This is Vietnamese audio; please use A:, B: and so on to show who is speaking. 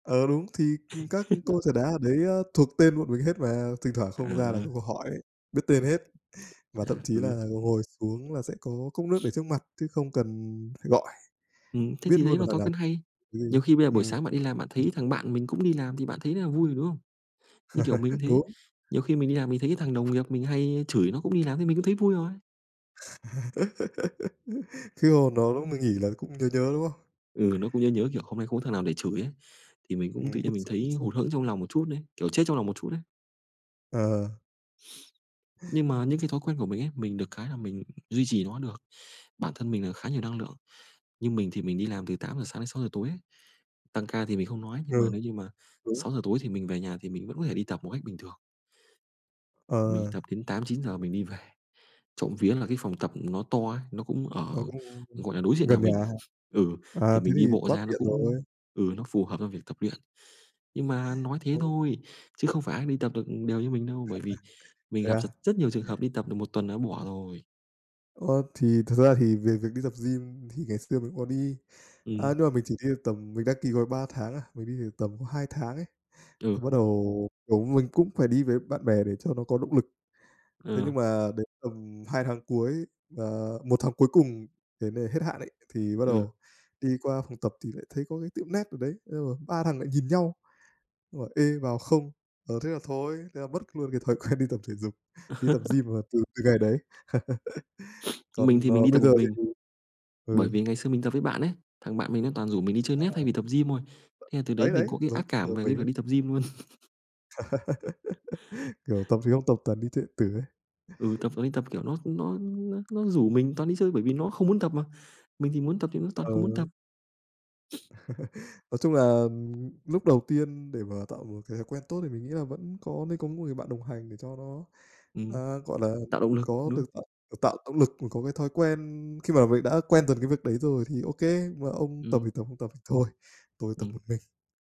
A: Ờ, đúng, thì, ừm, các cô trà đá ở đấy, a, thuộc tên bọn mình hết mà, thỉnh thoảng không ra là
B: Ờ.
A: các cô hỏi ấy, biết tên hết. Và
B: À,
A: thậm chí
B: ừ.
A: là ngồi xuống là sẽ có cốc nước để trước mặt chứ không cần phải gọi,
B: Ừm, thế
A: biết
B: thì đấy
A: luôn là
B: là
A: thằng
B: thói
A: nào
B: quen hay.
A: gì
B: Nhiều
A: ấy.
B: khi bây giờ buổi
A: Ừm.
B: sáng bạn đi làm bạn thấy thằng bạn mình cũng đi làm thì bạn thấy rất là vui rồi, đúng không? Như kiểu mình cũng thế,
A: Đúng.
B: nhiều khi mình đi làm mình thấy cái thằng đồng nghiệp mình hay chửi nó cũng đi làm thì mình cũng thấy vui rồi.
A: Khi mà nó mà nghỉ là cũng nhớ nhớ, đúng không?
B: Ừ, nó cũng nhớ nhớ, kiểu, hôm nay không có thằng nào để chửi ấy, thì mình cũng tự
A: Ừm, bức
B: nhiên mình
A: xúc, bức
B: thấy
A: xúc.
B: hụt hẫng trong lòng một chút ấy, kiểu, chết trong lòng một chút ấy.
A: Ờ.
B: Nhưng mà những cái thói quen của mình ấy, mình được cái là mình duy trì nó được, bản thân mình là khá nhiều năng lượng, như mình thì mình đi làm từ 8:00 sáng đến 6:00 tối ấy, tăng ca thì mình không nói,
A: Ừ,
B: nhưng mà nếu như mà
A: đúng.
B: 6:00 tối thì mình về nhà thì mình vẫn có thể đi tập một cách bình thường. Mình
A: Ờ.
B: đi tập đến 8:00, 9:00 mình đi về, trộm vía là cái phòng tập nó to ấy, nó cũng
A: Nó
B: ở,
A: cũng cũng
B: gọi là, đối diện nhà
A: gần nhà
B: mình,
A: hả?
B: ừ,
A: À,
B: thì
A: thế
B: mình
A: thì
B: đi bộ
A: quá
B: ra nó
A: tiện
B: cũng
A: rồi.
B: ừ, nó phù hợp cho việc tập luyện. Nhưng mà nói thế
A: Thôi.
B: thôi, chứ không phải ai đi tập được đều như mình đâu, bởi vì mình
A: Thế
B: gặp
A: á?
B: dật rất nhiều trường hợp đi tập được 1 tuần là đã bỏ rồi.
A: Ờ, thì thật ra thì về việc đi tập gym thì ngày xưa mình có đi, à,
B: Ừm.
A: nhưng mà mình chỉ đi được tầm mình đăng ký gói 3 tháng à, mình đi được có tầm 2 tháng ấy, thì bắt
B: Ừ.
A: đầu, kiểu, mình cũng phải đi với bạn bè để cho nó có động lực. Thế nhưng
B: Ừ.
A: mà đến tầm 2 tháng cuối, và 1 tháng cuối cùng đến ngày hết hạn ấy, thì bắt
B: Ừ.
A: đầu đi qua phòng tập thì lại thấy có cái tiệm net ở đấy, ồ, ba thằng lại nhìn nhau, nó bảo: "Ê, vào không?" Ờ, thế là thôi, thế là mất luôn cái thói quen đi tập thể dục, đi tập gym là từ từ ngày đấy.
B: Mình
A: Còn,
B: thì mình
A: ờ,
B: đi tập
A: bây
B: một
A: giờ thì
B: mình,
A: ừ.
B: bởi vì ngày xưa mình tập với bạn ấy, thằng bạn mình nó toàn rủ mình đi chơi
A: À.
B: net thay vì tập gym thôi. Thế là từ đấy
A: Đấy,
B: mình
A: đấy,
B: có cái
A: giống
B: ác
A: trường
B: cảm
A: hợp
B: về cái
A: mình
B: việc
A: đấy.
B: đi tập gym luôn.
A: Kiểu, tập thì không tập toàn đi chơi điện tử ấy.
B: Ừ, tập, ờ, tập, kiểu, nó nó nó nó rủ mình toàn đi chơi bởi vì nó không muốn tập mà, mình thì muốn tập thì nó toàn
A: Ờ.
B: không muốn tập.
A: Nói chung là, ừm, lúc đầu tiên để mà tạo một cái thói quen tốt thì mình nghĩ là vẫn có nên có một người bạn đồng hành để cho nó,
B: Ừm,
A: à, gọi là
B: tạo động lực,
A: có
B: đúng
A: được
B: không?
A: tạo, à, tạo động lực và có cái thói quen khi mà mình đã quen dần cái việc đấy rồi, thì ô kê, "Mấy ông tập thì
B: Ừm.
A: tập không tập thì thôi, tôi tập
B: Ừm.
A: một mình."